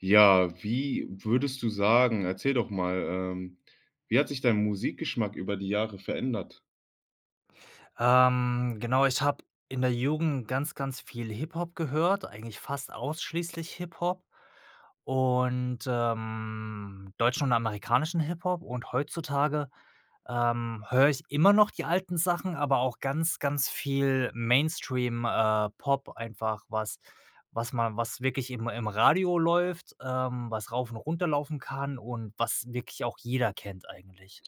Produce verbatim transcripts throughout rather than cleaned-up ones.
Ja, wie würdest du sagen erzähl doch mal, ähm, wie hat sich dein Musikgeschmack über die Jahre verändert? Ähm, genau, ich habe in der Jugend ganz, ganz viel Hip-Hop gehört, eigentlich fast ausschließlich Hip Hop und, ähm, deutschen und amerikanischen Hip-Hop und heutzutage, ähm, höre ich immer noch die alten Sachen, aber auch ganz, ganz viel Mainstream, äh, Pop einfach was was man was wirklich im im Radio läuft, ähm, was rauf und runterlaufen kann und was wirklich auch jeder kennt, eigentlich.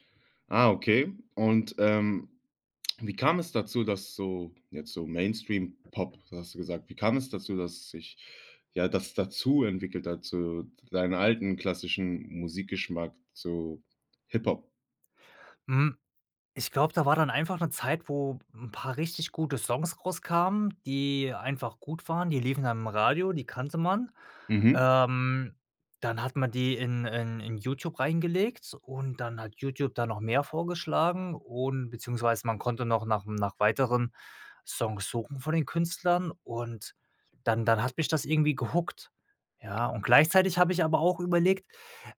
Ah, okay. Und, ähm, wie kam es dazu, dass so, jetzt so Mainstream Pop, so hast du gesagt wie kam es dazu, dass sich, ja, das dazu entwickelt dazu deine alten, klassischen Musikgeschmack, so Hip-Hop? Hm, ich glaube, da war dann einfach 'ne Zeit, wo 'n paar richtig gute Songs rauskamen, die einfach gut waren. Die liefen dann im Radio, die kannte man. Mhm. Ähm, dann hat man die in in Youtube reingelegt und dann hat Youtube da noch mehr vorgeschlagen und beziehungsweise man konnte noch nach m nach weiteren Songs suchen von den Künstlern und dann dann hat mich das irgendwie gehookt, ja. Und gleichzeitig habe ich aber auch überlegt: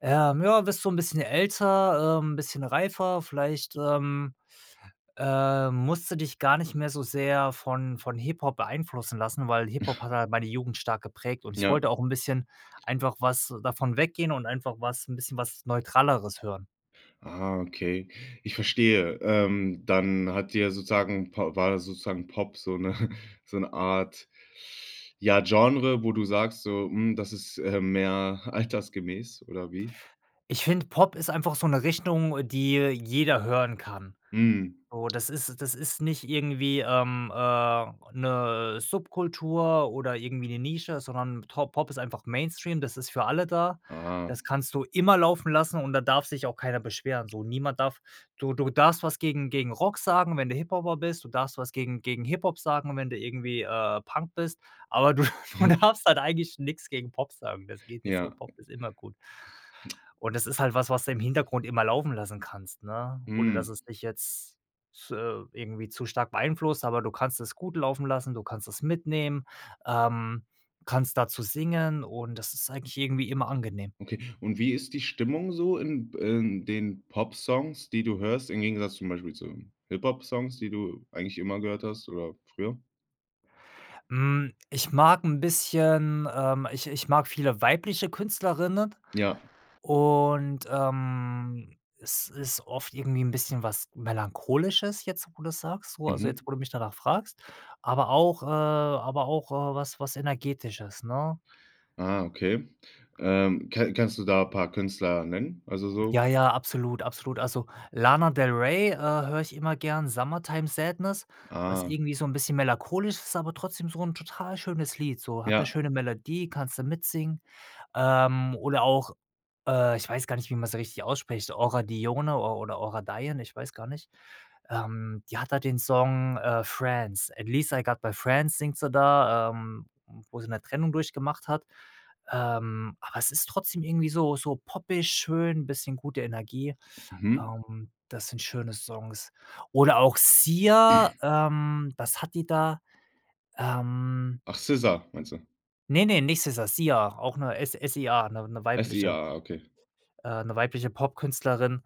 „Äh, ja, wirst du 'n bisschen älter, ähm, bisschen reifer, vielleicht, ähm, ähm, musst du dich gar nicht mehr so sehr von von Hip-Hop beeinflussen lassen.“, weil Hip-Hop hat halt meine Jugend stark geprägt und ich Ja. wollte auch 'n bisschen einfach was davon weggehen und einfach was 'n bisschen was Neutraleres hören. Ah, okay. Ich verstehe. Ähm, dann hat dir sozusagen Po war sozusagen Pop so 'ne so 'ne Art, ja, Genre, wo du sagst so: „Hm, das ist, äh, mehr altersgemäß“ oder wie? Ich finde Pop ist einfach so 'ne Richtung, die jeder hören kann. Hm. So, das ist das ist nicht irgendwie, ähm, äh, 'ne Subkultur oder irgendwie 'ne Nische, sondern To Pop ist einfach Mainstream, das ist für alle da. Aha. Das kannst du immer laufen lassen und da darf sich auch keiner beschweren, so. Niemand darf du du darfst was gegen gegen Rock sagen, wenn du Hip-Hopper bist. Du darfst was gegen gegen Hip-Hop sagen, wenn du irgendwie, äh, Punk bist, aber du du darfst halt eigentlich nix gegen Pop sagen. Das geht nicht so. Ja. Pop ist immer gut. Und das ist halt was, was du im Hintergrund immer laufen lassen kannst, ne, ohne dass Hm. es dich jetzt f äh, irgendwie zu stark beeinflusst, aber du kannst es gut laufen lassen, du kannst es mitnehmen, ähm, kannst dazu singen und das ist eigentlich irgendwie immer angenehm. Okay. Und wie ist die Stimmung so in b in den Popsongs, die du hörst, im Gegensatz zum Beispiel zu Hip-Hop-Songs, die du eigentlich immer gehört hast oder früher? Hm, ich mag 'n bisschen, ähm ich ich mag viele weibliche Künstlerinnen. Ja. Und, ähm, es ist oft irgendwie 'n bisschen was Melancholisches jetzt, wo du's sagst, wo also, jetzt Mhm. wo du mich danach fragst. Aber auch, äh aber auch, äh, was was Energetisches, ne? Ah, okay. Ähm, k-kannst du da paar Künstler nennen? Also, so Ja, ja, absolut, absolut. Also, Lana del Rey, äh, höre ich immer gern, „Summertime Sadness“, was Ah. irgendwie so 'n bisschen melancholisch ist, aber trotzdem so 'n total schönes Lied, so hat 'ne Ja. schöne Melodie, kannste mitsingen. Ähm, oder auch, äh, ich weiß gar nicht, wie man sie richtig ausspricht, Aura Dione or oder Aura Dione, ich weiß gar nicht. Ähm, die hat halt den Song, äh, „Friends“, at least I got my friends singt sie da, ähm, wo sie 'ne Trennung durchgemacht hat. Ähm, aber es ist trotzdem irgendwie so so poppig, schön, bisschen gute Energie. Mhm. Ähm, das sind schöne Songs. Oder auch Sia, ähm was hat die da? Ähm Ach, SZA meinst du? Ne, ne, nicht SZA, Sia, auch 'ne S S I A, 'ne 'ne Ah, Sia, weibliche ah, okay. äh, 'ne weibliche Popkünstlerin,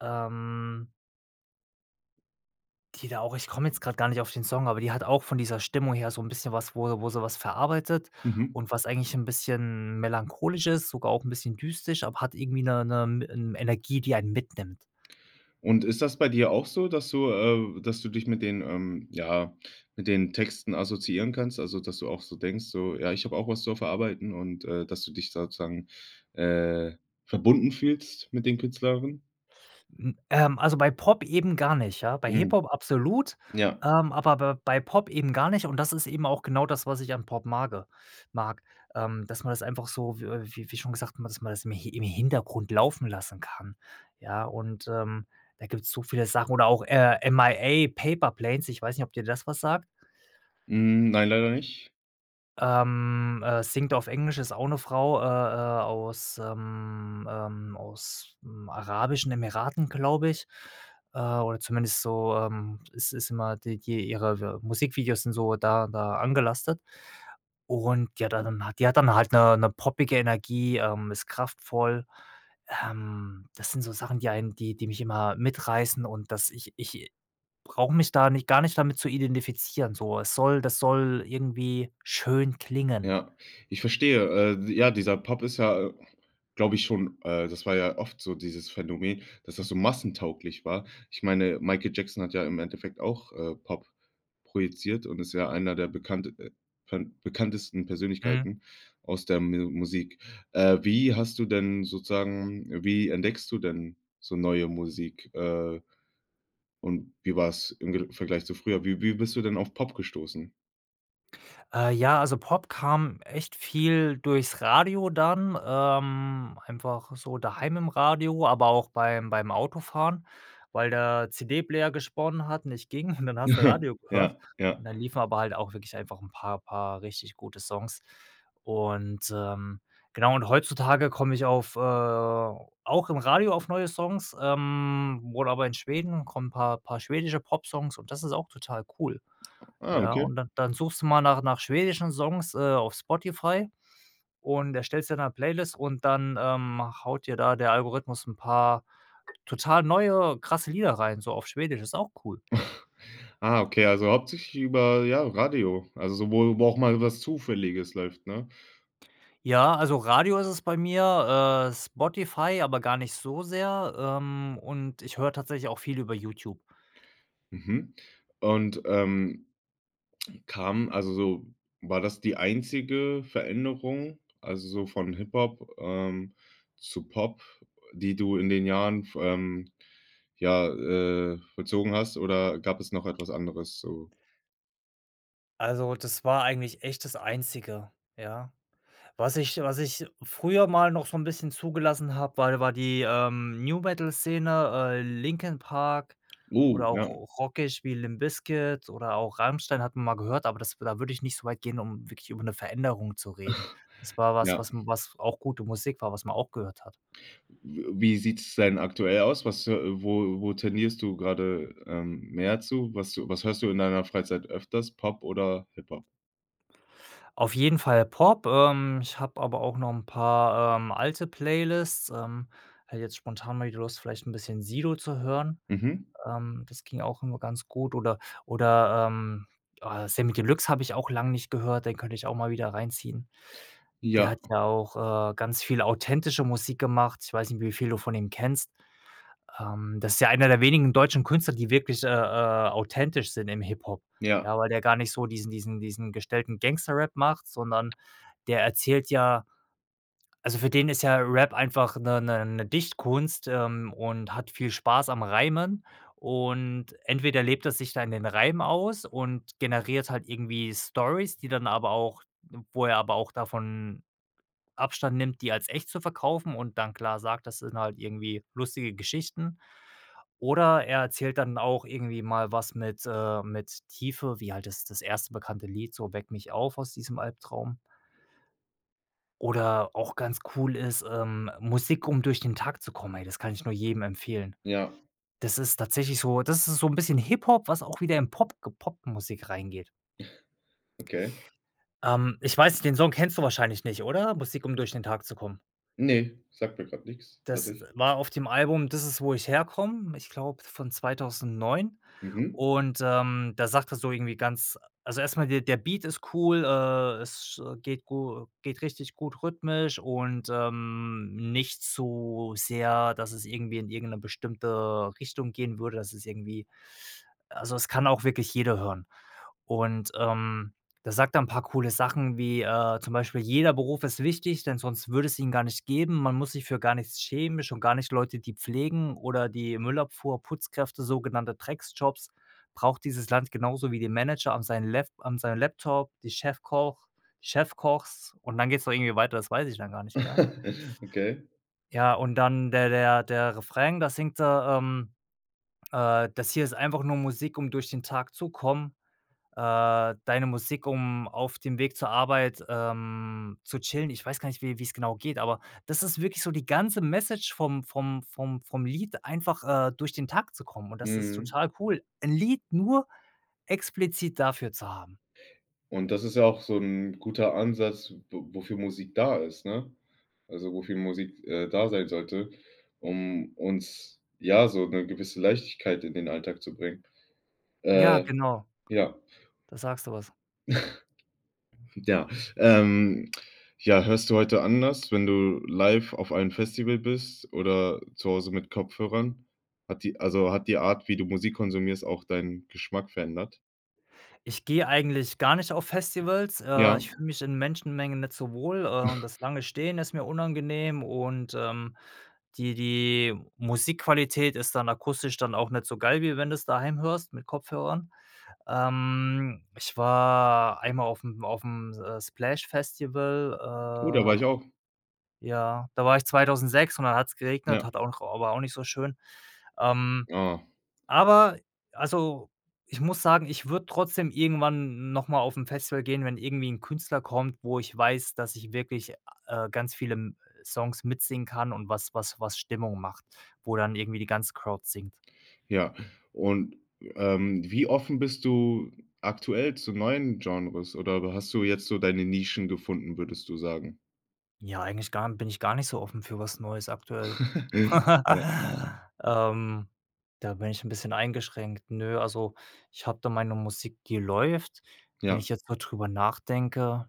ähm die da auch ich komme jetzt gerade gar nicht auf den Song, aber die hat auch von dieser Stimmung her so 'n bisschen was, wo wo sie was verarbeitet Mhm. und was eigentlich 'n bisschen melancholisch ist, sogar auch 'n bisschen düstisch, aber hat irgendwie 'ne 'ne 'n Energie, die einen mitnimmt. Und ist das bei dir auch so, dass du, äh dass du dich mit den, ähm, ja mit den Texten assoziieren kannst? Also, dass du auch so denkst so: „Ja, ich habe auch was zu verarbeiten“ und dass du dich sozusagen, äh, verbunden fühlst mit den Künstlern? Hm, ähm, also, bei Pop eben gar nicht, ja? Bei Hm, Hip-Hop absolut, ja. ähm, aber b bei Pop eben gar nicht und das ist eben auch genau das, was ich an Pop mage mag. Ähm, dass man das einfach so, w äh, wie wie schon gesagt hat, man dass man das i Hi im Hintergrund laufen lassen kann, ja? Und, ähm, da gibt's so viele Sachen oder auch, äh, M. I. A. „Paper Planes“, ich weiß nicht, ob dir das was sagt. Hm, nein, leider nicht. Ähm, äh, singt auf Englisch, ist auch 'ne Frau, äh, äh, aus, ähm, ähm ausm arabischen Emiraten, glaube ich, äh, oder zumindest so, ähm, ist ist immer die die ihre Musikvideos sind so da da angelastet. Und, ja, da dann hat die hat dann halt 'ne 'ne poppige Energie, ähm, ist kraftvoll. Ähm, das sind so Sachen, die einen die die mich immer mitreißen und das ich ich brauche mich da nicht gar nicht damit zu identifizieren, so. Es soll das soll irgendwie schön klingen. Ja, ich verstehe. Äh, ja, dieser Pop ist ja, glaube ich schon äh, das war ja oft so dieses Phänomen, dass das so massentauglich war. Ich meine, Michael Jackson hat ja im Endeffekt auch, äh, Pop projiziert und ist ja einer der bekannte äh, pen bekanntesten Mhm. Persönlichkeiten aus der Me Musik. Äh, wie hast du denn sozusagen wie entdeckst du denn so neue Musik? Äh, und wie war's im direkten Vergleich zu früher? Wie wie bist du denn auf Pop gestoßen? Äh, ja, also Pop kam echt viel durchs Radio dann, ähm, einfach so daheim im Radio, aber auch beim beim Autofahren, weil der CD-Player gesponnen hat und nicht ging und dann hast du Radio gehört. Ja, ja. Dann liefen aber halt auch wirklich einfach 'n paar paar richtig gute Songs. Und, ähm genau und heutzutage komm ich auf äh auch im Radio auf neue Songs ähm, oder aber in Schweden kommen 'n paar paar schwedische Popsongs und das ist auch total cool. Ah, Ja, okay. und dann dann suchst du mal nach nach schwedischen Songs, äh, auf Spotify und erstellst dir 'ne Playlist und dann, ähm, haut dir da der Algorithmus 'n paar total neue, krasse Lieder rein so auf Schwedisch. Ist auch cool. Ah, okay, also hauptsächlich über ja, Radio, also sowohl wo auch mal was Zufälliges läuft, ne? Ja, also Radio ist es bei mir, äh, Spotify, aber gar nicht so sehr, ähm, und ich höre tatsächlich auch viel über YouTube. Mhm, und, ähm, kam also, so war das die einzige Veränderung? Also so von Hip-Hop, ähm, zu Pop, die du in den Jahren, ähm, ja, äh, vollzogen hast oder gab es noch etwas anderes so? Also, das war eigentlich echt das Einzige, ja. Was ich was ich früher mal noch so 'n bisschen zugelassen habe, war war die, ähm, New-Metal-Szene, äh, Linkin Park Oh, oder auch ja. r rockig, wie Limp Bizkit oder auch Rammstein, hat man mal gehört, aber das da würde ich nicht so weit gehen, um wirklich über 'ne Veränderung zu reden. Das war was Ja. was was auch gute Musik war, was man auch gehört hat. W wie sieht's denn aktuell aus? Was äh, wo wo tendierst du grade, ähm, mehr zu? Was was hörst du in deiner Freizeit öfters? Pop oder Hip-Hop? Auf jeden Fall Pop. Ähm. Ich habe aber auch noch 'n paar, ähm, alte Playlists. Ähm. Hätte jetzt spontan mal die Lust, vielleicht 'n bisschen Sido zu hören. Mhm. Ähm, das ging auch immer ganz gut oder oder, ähm, ah, Samy Deluxe habe ich auch lang nicht gehört, den könnte ich auch mal wieder reinziehen. Der Ja. hat ja auch, äh, ganz viel authentische Musik gemacht. Ich weiß nicht, wie viel du von ihm kennst. Ähm. Das ist ja einer der wenigen deutschen Künstler, die wirklich, äh, äh, authentisch sind im Hip-Hop. Ja. Ja, weil der gar nicht so diesen diesen diesen gestellten Gangster-Rap macht, sondern der erzählt ja also, für den ist ja Rap einfach 'ne 'ne 'ne Dichtkunst, ähm, und hat viel Spaß am Reimen und entweder lebt er sich da in den Reimen aus und generiert halt irgendwie Stories, die dann aber auch wo er aber auch davon Abstand nimmt, die als echt zu verkaufen und dann klar sagt, das sind halt irgendwie lustige Geschichten oder er erzählt dann auch irgendwie mal was mit, äh mit Tiefe, wie halt das das erste bekannte Lied so: „Weck mich auf aus diesem Albtraum.“ Oder auch ganz cool ist, ähm: „Musik, um durch den Tag zu kommen.“ Ey, das kann ich nur jedem empfehlen. Ja. Das ist tatsächlich so das ist so 'n bisschen Hip-Hop, was auch wieder im Pop ge Pop-Musik reingeht. Okay. Ähm, ich weiß nicht, den Song kennst du wahrscheinlich nicht, oder? „Musik um durch den Tag zu kommen“? Ne, sagt mir grad nix, Das, äh, tatsäch war auf dem Album: „Dis ist wo ich herkomm“, ich glaube von zweitausendneun Mhm. und, ähm, da sagt er so irgendwie ganz also erst mal, der der Beat ist cool, äh, es sch geht gu geht richtig gut rhythmisch und, ähm, nicht zu sehr, dass es irgendwie in irgend 'ne bestimmte Richtung gehen würde, dass es irgendwie also, es kann auch wirklich jeder hören. Und, ähm, der sagt dann paar coole Sachen wie, äh, zum Beispiel: „Jeder Beruf ist wichtig, denn sonst würde es ihn gar nicht geben. Man muss sich für gar nichts schämen, schon gar nicht Leute, die pflegen oder die Müllabfuhr, Putzkräfte, sogenannte Dreckjobs, braucht dieses Land genauso wie den Manager an sein Lap an seinem Laptop, die Chefkoch Chefkochs“ und dann geht's da irgendwie weiter, das weiß ich dann gar nicht mehr. Okay. Ja, und dann der der der Refrain, da singt er, ähm, äh: „Das hier ist einfach nur Musik, um durch den Tag zu kommen. Äh, deine Musik um, auf dem Weg zur Arbeit, ähm, zu chillen“, ich weiß gar nicht, wie wie's genau geht, aber das ist wirklich so die ganze Message vom vom vom vom Lied, einfach, äh, durch den Tag zu kommen und das ist Mhm. total cool, ‘n Lied nur explizit dafür zu haben. Und, das ist ja auch so ‘n guter Ansatz w wo wofür Musik da ist, ne? Also, wofür Musik, äh, da sein sollte, um uns, ja, so ‘ne gewisse Leichtigkeit in den Alltag zu bringen. Ja, Äh, genau. ja. Da sagst du was. Ja. Ähm, ja, hörst du heute anders, wenn du live auf einem Festival bist oder zu Hause mit Kopfhörern? Hat die also hat die Art, wie du Musik konsumierst, auch deinen Geschmack verändert? Ich gehe eigentlich gar nicht auf Festivals. Äh, Ja. ich fühle mich in Menschenmengen nicht so wohl, äh, und das lange Stehen ist mir unangenehm und, ähm, die die Musikqualität ist dann akustisch dann auch nicht so geil, wie wenn du's daheim hörst mit Kopfhörern. Ähm, ich war einmal aufm aufm, äh, Splash Festival, Oh, da war ich auch. äh, ja da war ich zweitausendsechs und dann hat's geregnet, Ja. hat auch aber auch nicht so schön. Ähm. Ah. Aber, also, ich muss sagen, ich würde trotzdem irgendwann noch mal aufm Festival gehen, wenn irgendwie 'n Künstler kommt, wo ich weiß, dass ich wirklich, äh, ganz viele m Songs mitsingen kann und was was was Stimmung macht, wo dann irgendwie die ganze Crowd singt. Ja, und, ähm, wie offen bist du aktuell zu neuen Genres oder hast du jetzt so deine Nischen gefunden, würdest du sagen? Ja, eigentlich gar bin ich gar nicht so offen für was Neues aktuell. Ja. Ähm, da bin ich 'n bisschen eingeschränkt. Nö, also, ich habe da meine Musik, die läuft. Wenn Ja. ich jetzt grad drüber nachdenke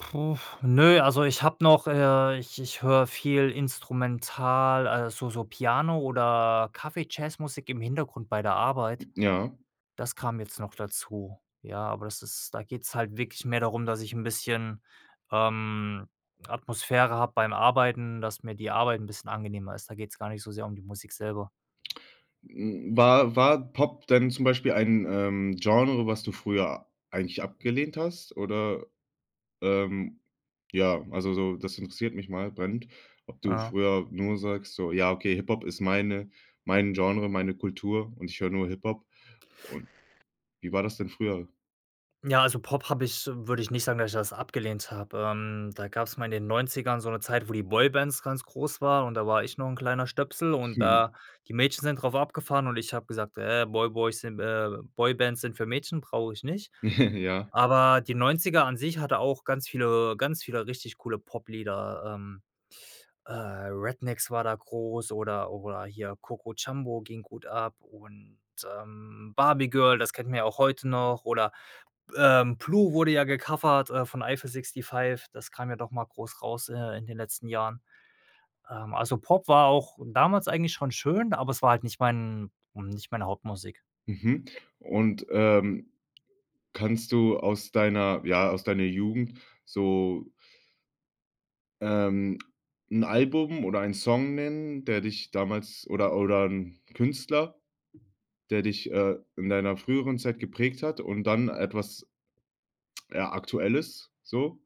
uff, nö, also, ich habe noch, äh ich ich höre viel Instrumental, also, so so Piano oder Kaffeejazzmusik im Hintergrund bei der I Arbeit. ja. Das kam jetzt noch dazu. Ja, aber das ist da geht's halt wirklich mehr darum, dass ich 'n bisschen, ähm, Atmosphäre habe beim Arbeiten, dass mir die Arbeit 'n bisschen angenehmer ist. Da geht's gar nicht so sehr um die Musik selber. Hm, war war Pop denn zum Beispiel ein, ähm, Genre, was du früher eigentlich abgelehnt hast oder, ähm ja, also, so das interessiert mich mal, brennend, ob du Ja. früher nur sagst, so: „Ja, okay, Hip-Hop ist meine mein Genre, meine Kultur und ich höre nur Hip-Hop.“ Und wie war das denn früher? Ja, also, Pop habe ich würde ich nicht sagen, dass ich das abgelehnt habe. Ähm, da gab's mal in den Neunzigern so 'ne Zeit, wo die Boybands ganz groß waren und da war ich noch 'n kleiner Stöpsel und da die Mädchen sind drauf abgefahren und ich habe gesagt: „Ey, Boy Boys sind, äh Boybands sind für Mädchen, brauche ich nicht.“ Ja. Aber die Neunziger an sich hatte auch ganz viele ganz viele richtig coole Pop-Lieder. Ähm, äh, Rednex war da groß oder oder hier Coco Jamboo ging gut ab. Und, ähm, Barbie Girl, das kennen wir ja auch heute noch oder, äh, Blue wurde ja gecovert, äh, von Eifel 65, das kam ja doch mal groß raus, äh, in den letzten Jahren. Ähm, also, Pop war auch damals eigentlich schon schön, aber es war halt nicht mein hm, nicht meine Hauptmusik. Mhm, und, ähm, kannst du aus deiner ja, aus deiner Jugend so ähm, 'n Album oder einen Song nennen, der dich damals oder oder 'n Künstler, der dich, äh, in deiner früheren Zeit geprägt hat und dann etwas ja, aktuelles so?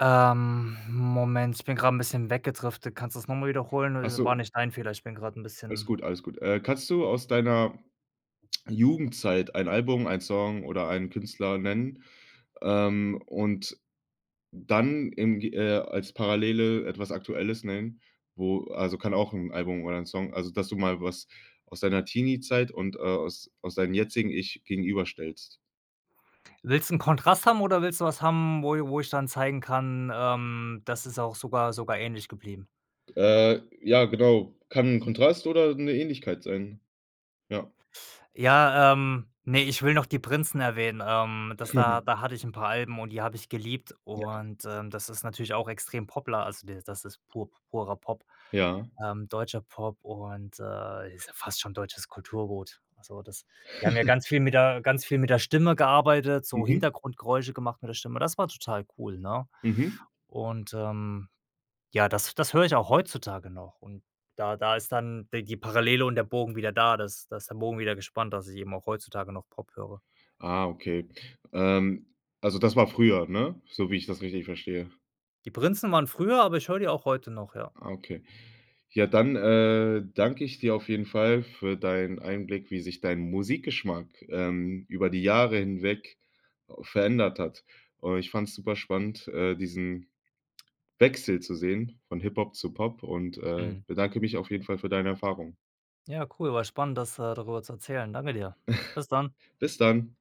Ähm, Moment, ich bin grade 'n bisschen weggedriftet. Kannst du das noch mal wiederholen oder Ach das so. war nicht ein Fehler. Ich bin grad 'n Alles bisschen gut, alles gut. Äh, kannst du aus deiner Jugendzeit ein Album, ein Song oder einen Künstler nennen, ähm, und dann im ge äh, als Parallele etwas Aktuelles nennen, wo also, kann auch 'n Album oder 'n Song also, dass du mal was aus deiner Teenie-Zeit und, äh, aus aus deinem jetzigen Ich gegenüberstellst. Willst 'n Kontrast haben oder willst du was haben wo i wo ich dann zeigen kann, ähm, das ist auch sogar sogar ähnlich geblieben. Äh, ja, genau. Kann 'n Kontrast oder 'ne Ähnlichkeit sein, ja. Ja, ähm, ne, ich will noch die Prinzen erwähnen. Ähm, das da da hatte ich 'n paar Alben und die habe ich geliebt. Ja. Und, ähm, das ist natürlich auch extrem Pop-la also, der das ist pur purer Pop, Ja. ähm, deutscher Pop und, äh, ist ja fast schon deutsches Kulturgut. So das die haben ja ganz viel mit der ganz viel mit der Stimme gearbeitet, so Mhm. Hintergrundgeräusche gemacht mit der Stimme. Das war total cool, ne? Mhm. Und, ähm, ja, das das höre ich auch heutzutage noch und da da ist dann de die Parallele und der Bogen wieder da. Das da ist der Bogen wieder gespannt, dass ich eben auch heutzutage noch Pop höre. Ah okay. Ähm, also das war früher, ne? So wie ich das richtig verstehe. Die Prinzen waren früher, aber ich höre die auch heute noch, ja. Ah okay. Ja, dann, äh, danke ich dir auf jeden Fall für deinen Einblick, wie sich dein Musikgeschmack, ähm, über die Jahre hinweg verändert hat. Äh, ich fand's superspannend, äh, diesen Wechsel zu sehen von Hip-Hop zu Pop und, äh, Mhm. bedanke mich auf jeden Fall für deine Erfahrung. Ja cool, war spannend, das, äh darüber zu erzählen. Danke dir. Bis dann. Bis dann.